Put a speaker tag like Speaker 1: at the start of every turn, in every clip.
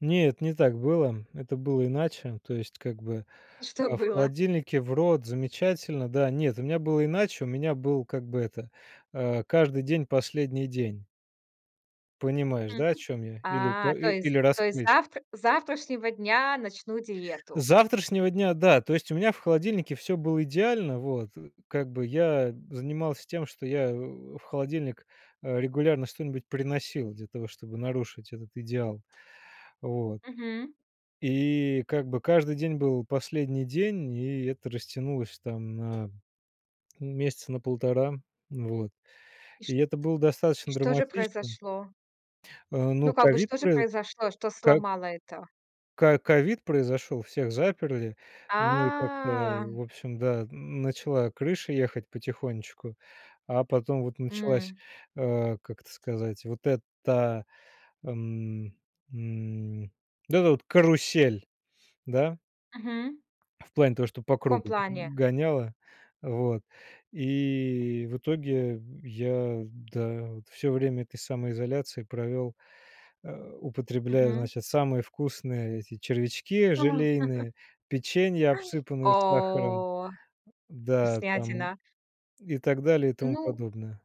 Speaker 1: Нет, не так было. Это было иначе. То есть, как бы,
Speaker 2: И что
Speaker 1: а, в
Speaker 2: было?
Speaker 1: холодильнике, в рот, замечательно, да. Нет, у меня было иначе. У меня был, как бы это, э, каждый день- последний день. Понимаешь, да, о
Speaker 2: Мгм.
Speaker 1: чём я? Или
Speaker 2: А,
Speaker 1: па
Speaker 2: то
Speaker 1: и
Speaker 2: есть,
Speaker 1: или
Speaker 2: то есть,
Speaker 1: раскрыть?
Speaker 2: завтр с завтрашнего дня начну
Speaker 1: С
Speaker 2: диету.
Speaker 1: завтрашнего дня, да, то есть у меня в холодильнике всё было идеально, вот. Э, как бы я занимался тем, что я в в холодильник, э, регулярно что-нибудь приносил для того, чтобы нарушить этот идеал, вот.
Speaker 2: Мгм.
Speaker 1: И как бы каждый день был последний день, и это растянулось там на, ну, месяца на 1,5. Вот.
Speaker 2: И
Speaker 1: И
Speaker 2: шт
Speaker 1: это было
Speaker 2: И
Speaker 1: достаточно
Speaker 2: что же
Speaker 1: драматичным.
Speaker 2: произошло?
Speaker 1: Э, ну,
Speaker 2: Ну, как бы,
Speaker 1: ковид
Speaker 2: что же
Speaker 1: прои
Speaker 2: произошло, что
Speaker 1: ко
Speaker 2: сломало это?
Speaker 1: Ко ковид произошёл, всех заперли, ну, и как-то,
Speaker 2: А.
Speaker 1: в общем, да, н начала крыша ехать потихонечку, а потом вот началась,
Speaker 2: М.
Speaker 1: э, как это сказать, вот эта, эм, м, вот эта вот карусель, да?
Speaker 2: Мгм.
Speaker 1: В плане того, что по
Speaker 2: В каком
Speaker 1: кругу г
Speaker 2: плане?
Speaker 1: гоняло, вот, и в итоге я, да, вот, всё время этой самоизоляции провёл, э, употребляя,
Speaker 2: Мгм.
Speaker 1: значит, самые вкусные эти червячки
Speaker 2: А.
Speaker 1: желейные, печенья, обсыпанные сахаром,
Speaker 2: О,
Speaker 1: да, там,
Speaker 2: вкуснятина.
Speaker 1: и так далее и тому
Speaker 2: Ну.
Speaker 1: подобное.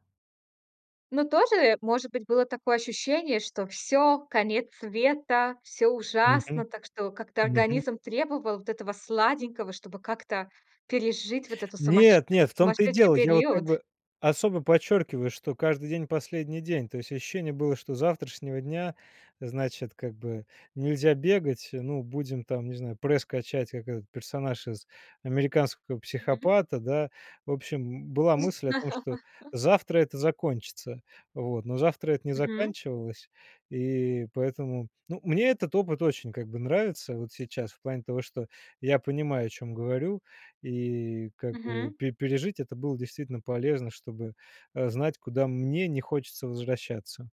Speaker 2: Ну, тоже, может быть, было такое ощущение, что всё, конец света, всё ужасно.
Speaker 1: Мгм,
Speaker 2: Так что как-то
Speaker 1: мгм.
Speaker 2: организм требовал вот этого сладенького, чтобы как-то пережить вот это сумасше
Speaker 1: Нет-нет, в том-то и
Speaker 2: сумасшедший
Speaker 1: дело. Я вот как
Speaker 2: период?
Speaker 1: бы особо подчёркиваю, что каждый день- последний день. То есть ощущение было, что с завтрашнего дня, значит, как бы нельзя бегать. Ну, будем там, не знаю, пресс качать, как этот персонаж из "Американского
Speaker 2: Мгм.
Speaker 1: психопата", да. В общем, м, была мысль о том, что
Speaker 2: З
Speaker 1: завтра это закончится. Вот, но завтра это не
Speaker 2: Мгм.
Speaker 1: заканчивалось. И поэтому ну, мне этот опыт очень как бы нравится вот сейчас, в плане того, что я понимаю, о чём говорю. И как бы,
Speaker 2: Мгм.
Speaker 1: пе пережить это было действительно полезно, чтобы, э, знать, куда мне не хочется возвращаться.